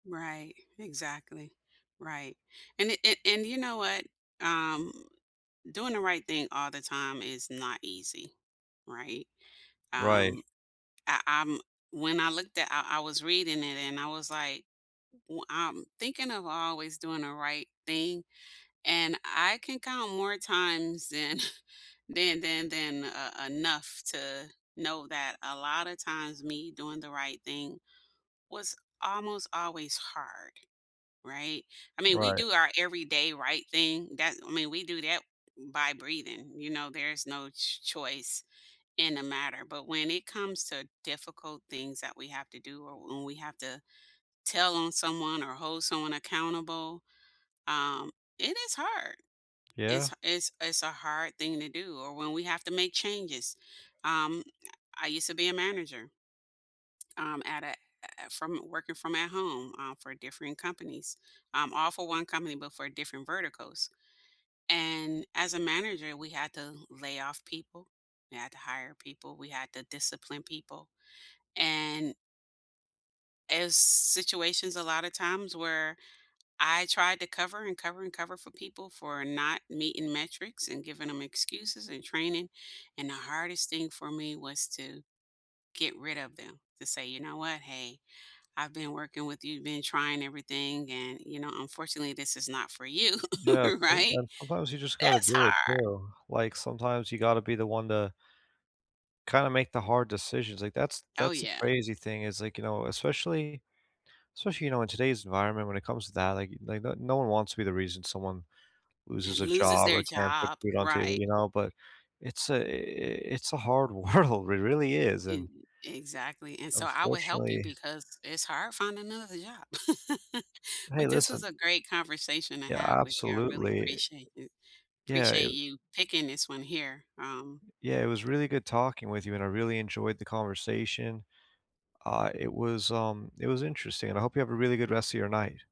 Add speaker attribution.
Speaker 1: Right. Exactly. Right. And a and and you know what? Um, doing the right thing all the time is not easy, right?
Speaker 2: Right.
Speaker 1: Um, I, um when I looked at I I was reading it and I was like, w I'm thinking of always doing the right thing, and I can count more times than than than than, uh, enough to know that a lot of times me doing the right thing was almost always hard, right? I mean, we
Speaker 2: Right.
Speaker 1: do our everyday right thing, that I mean, we do that by breathing, you know? There's no ch choice in the matter, but when it comes to difficult things that we have to do, or when we have to tell on someone or hold someone accountable, um, it is hard.
Speaker 2: Yeah.
Speaker 1: It's it's It's a hard thing to do or when we have to make changes. Um, I used to be a manager, um, at at a from working from at home, uh, for different companies um, all for 1 company, but for different verticals. And as a manager, we had to lay off people, we had to hire people, we had to discipline people, and as situations a lot of times where I tried to cover, and cover, and cover for people for not meeting metrics and giving 'em excuses and training, and the hardest thing for me was to get rid of them, to say, "You know what, hey, I've been working with you, been trying everything, and you know, unfortunately, this is not for you,"
Speaker 2: Yeah,
Speaker 1: right?
Speaker 2: sometimes sometimes you just gotta
Speaker 1: That's
Speaker 2: do it
Speaker 1: hard.
Speaker 2: too. Like, sometimes you gotta be the one to kinda make the hard decisions, like, that's
Speaker 1: Oh
Speaker 2: that's the
Speaker 1: yeah.
Speaker 2: crazy thing is, like you know, especially especially, you know, in today's environment when it comes to that, like, they the no one wants to be the reason someone
Speaker 1: And
Speaker 2: loses a
Speaker 1: loses
Speaker 2: job
Speaker 1: their
Speaker 2: or can't put
Speaker 1: job.
Speaker 2: food on table,
Speaker 1: Right.
Speaker 2: you know, but it's a it's a hard world. It really is,
Speaker 1: And
Speaker 2: and,
Speaker 1: Exactly, and so, I will help you
Speaker 2: unfortunately
Speaker 1: because it's hard finding another job.
Speaker 2: Hey
Speaker 1: But this was
Speaker 2: listen
Speaker 1: a great conversation to
Speaker 2: Yeah,
Speaker 1: have with you. I really
Speaker 2: absolutely
Speaker 1: appreciate you
Speaker 2: Yeah, it
Speaker 1: appreciate
Speaker 2: w
Speaker 1: you picking this one here, um
Speaker 2: Yeah, it was really good talking with you, and I really enjoyed the conversation. Uh, it was, um it was interesting, and I hope you have a really good rest of your night.